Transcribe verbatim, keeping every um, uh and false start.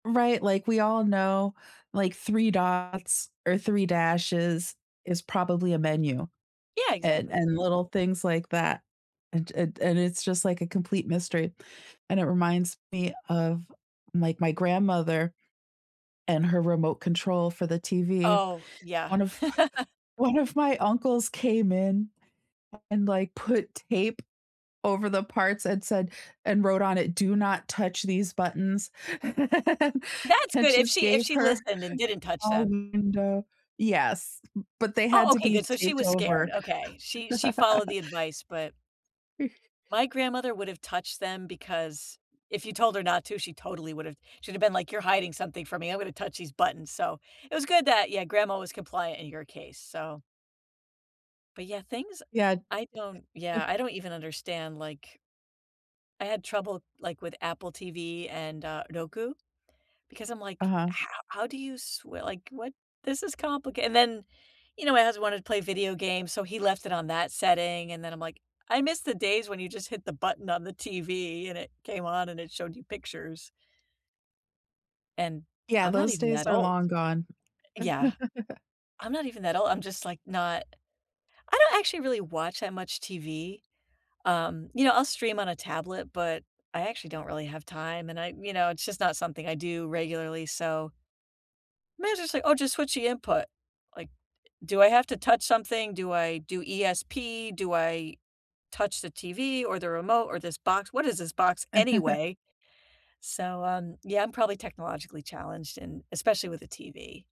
Right, like, we all know, like, three dots or three dashes is probably a menu, Yeah, and exactly. and little things like that, and and and it's just, like, a complete mystery, and it reminds me of, my my grandmother and her remote control for the TV. Oh, yeah. One of one of my uncles came in and, like, put tape over the parts and said and wrote on it, "Do not touch these buttons," That's and good, if just she if gave she her listened and didn't touch all them. window yes, b but they had Oh, to okay, be good, so she taped was over. scared. Okay, she she followed the advice, but my grandmother would have touched them because if you told her not to, she totally would've She'd have been, like, you're hiding something from me, I'm gonna touch these buttons, so It was good that, yeah, grandma was compliant in your case. So but, yeah, things Ya I don't eh yeah, I don't even understand, like I had trouble, like, with Apple TV and, uh, Roku because I'm, like, Uh-huh. how "How do you sw like, what? This is complica" and then, you know, my husband wanted to play video games, so he left it on that setting, and then I'm, like, "I miss the days when you just hit the button on the TV and it came on and it showed you pictures." and Yeah, I'm not those even days that are old. long gone. Yeah, I'm not even that old. I'm just, like, not I don't actually really watch that much TV. Um, you know, I'll stream on a tablet, but I actually don't really have time, and I you know, it's just not something I do regularly, so mine's just like, "Oh, just switch the input," like, "Do I have to touch something? Do I do ESP? Do I touch the TV or the remote or this box? What is this box anyway?" So, um, yeah, I'm probably technologically challenged and especially with the TV.